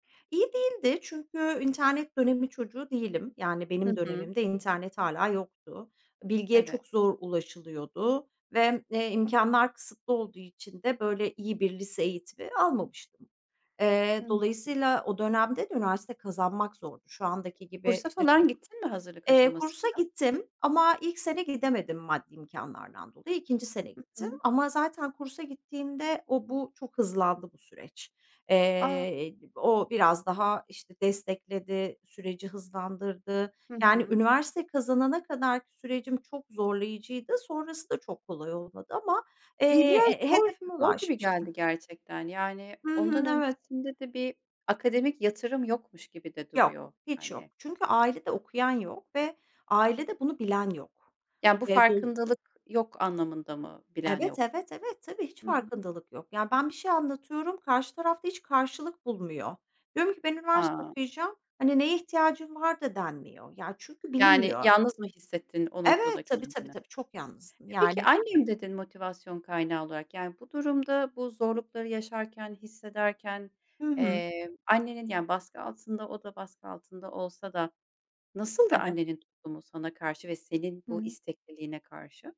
İyi değildi çünkü internet dönemi çocuğu değilim. Yani Hı benim hı. dönemimde internet hâlâ yoktu. Bilgiye Evet. çok zor ulaşılıyordu ve, eee, imkânlar kısıtlı olduğu için de böyle iyi bir lise eğitimi almamıştım. Eee, Hı hı. dolayısıyla o dönemde de üniversite kazanmak zordu. Şu andaki gibi, Kursa işte, çok falan gittin mi hazırlık Eee, kursa aşamasında? gittim ama ilk sene gidemedim maddi imkânlardan dolayı, 2. sene Hı gittim. hı. Ama zaten kursa gittiğimde o bu çok hızlandı bu süreç. A! Eee, o biraz daha, işte, destekledi, süreci hızlandırdı. Hı Yani hı. üniversite kazanana kadarki sürecim çok zorlayıcıydı. Sonrası da çok kolay olmadı ama, Bi eee, biraz he zor hedefime zor gibi ulaşmıştım. geldi gerçekten yani Hı ondan hı. Evet. öncesinde de bir akademik yatırım yokmuş gibi de Yok, duruyor, hiç yok. hani. Çünkü ailede okuyan yok ve ailede bunu bilen yok. Yani, bu Eee, dol farkındalık yok anlamında mı bilen yok? Evet, evet, evet, tabii, hiç Hı hı. farkındalık yok. Yani ben bir şey anlatıyorum, karşı tarafta hiç karşılık bulmuyor. Diyorum ki "Ben üniversite Ha. okuyacağım," hani, "Neye ihtiyacın var?" da denmiyor. Ya, çünkü Yani bilinmiyor. yalnız mı hissettin o noktada Evet, tabii, tabii, kendini? tabii çok yalnızdım. E, peki, Yani "annem" dedin motivasyon kaynağı olarak, yani bu durumda bu zorlukları yaşarken, hissederken, Hı hı. eee, annenin yani baskı altında, o da baskı altında olsa da nasıldı Evet. annenin tutumu sana karşı ve senin Hı bu hı. istekliliğine karşı?